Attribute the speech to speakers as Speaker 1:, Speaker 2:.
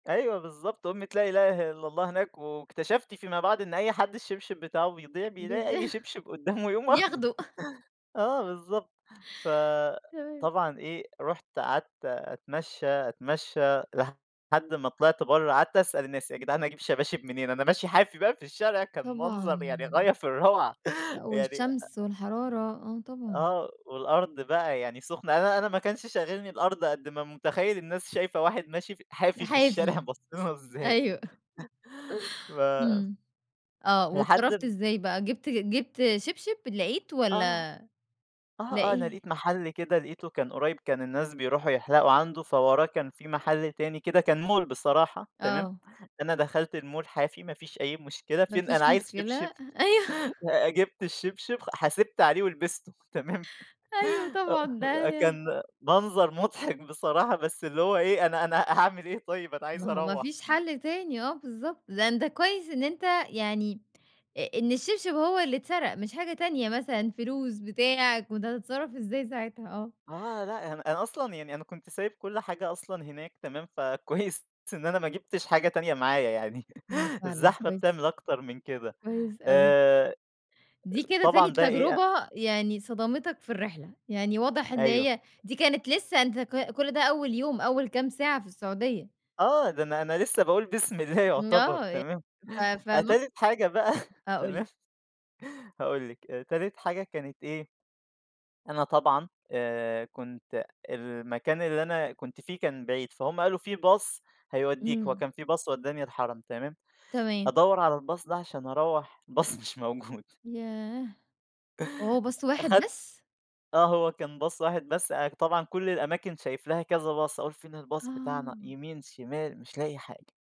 Speaker 1: أيوه بالضبط، أُمّة لا إله إلّا الله هناك واكتَشَفت فيما بعد إن أي حد الشبشب بتاعُه بيضيع
Speaker 2: [unintelligible]
Speaker 1: بيلاقي أي شبشب قُدّامُه يقوم واخده.
Speaker 2: ياخده.
Speaker 1: آه بالضبط.
Speaker 2: تمام.
Speaker 1: فطبعًا إيه، رُحت قَعَدت أتمشى، أتمشى لحد ما طلعت برّه قَعَدت أسأل الناس: "يا جدعان أجيب شباشب منين؟" أنا ماشي حافي بقى في الشارع كان منظر يعني
Speaker 2: طبعًا.
Speaker 1: غاية في الروعة،
Speaker 2: آه،
Speaker 1: يعني
Speaker 2: والشمس
Speaker 1: أ
Speaker 2: والحرارة آه، طبعًا.
Speaker 1: آه، والأرض بقى يعني سُخنة أنا أنا أنا ما كانش شاغلني الأرض قد ما متخيل الناس شايفة واحد ماشي ف حافي في الشارع
Speaker 2: حافي،
Speaker 1: باصّين لُه إزاي.
Speaker 2: أيوه.
Speaker 1: ف
Speaker 2: امم، آه،
Speaker 1: لحد
Speaker 2: وأتصرفت
Speaker 1: ب
Speaker 2: إزاي بقى جِبت جِبت شبشب؟ لقيت
Speaker 1: آه،
Speaker 2: والّا؟
Speaker 1: آه آه، أنا
Speaker 2: لاقي
Speaker 1: لقيت محل كده لقيتُه كان قريب، كان الناس بيروحوا يحلقوا عنُده، فَوَراه كان في محل تاني كده كان مول بصراحة، تمام.
Speaker 2: آه.
Speaker 1: أنا دخلت المول حافي، ما فيش أي مشكلة،
Speaker 2: ما
Speaker 1: فين
Speaker 2: فيش
Speaker 1: أنا عايز
Speaker 2: مشكلة،
Speaker 1: شبشب
Speaker 2: أ أيوه.
Speaker 1: آآ، جِبت الشبشب خ حاسبت عليه ولبسته، تمام.
Speaker 2: أيوه، طبعًا
Speaker 1: آه،
Speaker 2: ده
Speaker 1: كان منظر مُضحَك بصراحة بس اللي هو إيه أنا أنا هاعمل إيه طيب، أنا عايز
Speaker 2: ما هو ما
Speaker 1: أروَّح.
Speaker 2: فيش حل تاني آه، بالضبط. ده أنت كويس إن أنت يعني أ إن الشبشب هو اللي اتسرق مش حاجة تانية مثلًا، فلوس، بتاع. كنت هَتتصرَّف إزاي ساعتها؟ آه.
Speaker 1: آه، لأ، أنا أنا أصلًا يعني أنا كُنت سايب كُل حاجة أصلًا هناك تمام، فَكويس إن أنا ما جِبتش حاجة تانية معايا يعني،
Speaker 2: ده فعلًا
Speaker 1: الزحمة
Speaker 2: كويس
Speaker 1: بتعمل أكتر من كده.
Speaker 2: كويس أوي.
Speaker 1: آآ،
Speaker 2: دي كده تاني
Speaker 1: طبعًا ده إيه أ
Speaker 2: تجربة يعني صدمتك في الرحلة، يعني واضح إن
Speaker 1: أيوه.
Speaker 2: هي دي كانت لسه أنت ك كُل ده أول يوم، أول كام ساعة في السعودية.
Speaker 1: آه، ده أنا أنا أنا لسه باقول بسم الله
Speaker 2: م
Speaker 1: يعتبر
Speaker 2: آه، يعني،
Speaker 1: تمام،
Speaker 2: ف ف
Speaker 1: أ
Speaker 2: [unintelligible]
Speaker 1: تالت حاجة بقى
Speaker 2: آه، قُل لِي.
Speaker 1: تمام. هاقول لِك، آآ، تالت حاجة كانت إيه، أنا طبعًا آآ، كُنت المكان اللي أنا كُنت فيه كان بعيد، فهُم قالوا في باص هَيوديك، هو
Speaker 2: امم.
Speaker 1: كان في باص ودّاني الحرم تمام.
Speaker 2: تمام.
Speaker 1: أدَوَّر على الباص ده عشان أرّوح الباص مش موجود
Speaker 2: ياه! وهو باص واحد
Speaker 1: أخدت
Speaker 2: بس؟
Speaker 1: آه، هو كان باص واحد بس طبعًا كل الأماكن شايف لها كذا باص، أقول فين الباص بتاعنا؟
Speaker 2: آه.
Speaker 1: يمين شمال مش لاقي حاجة.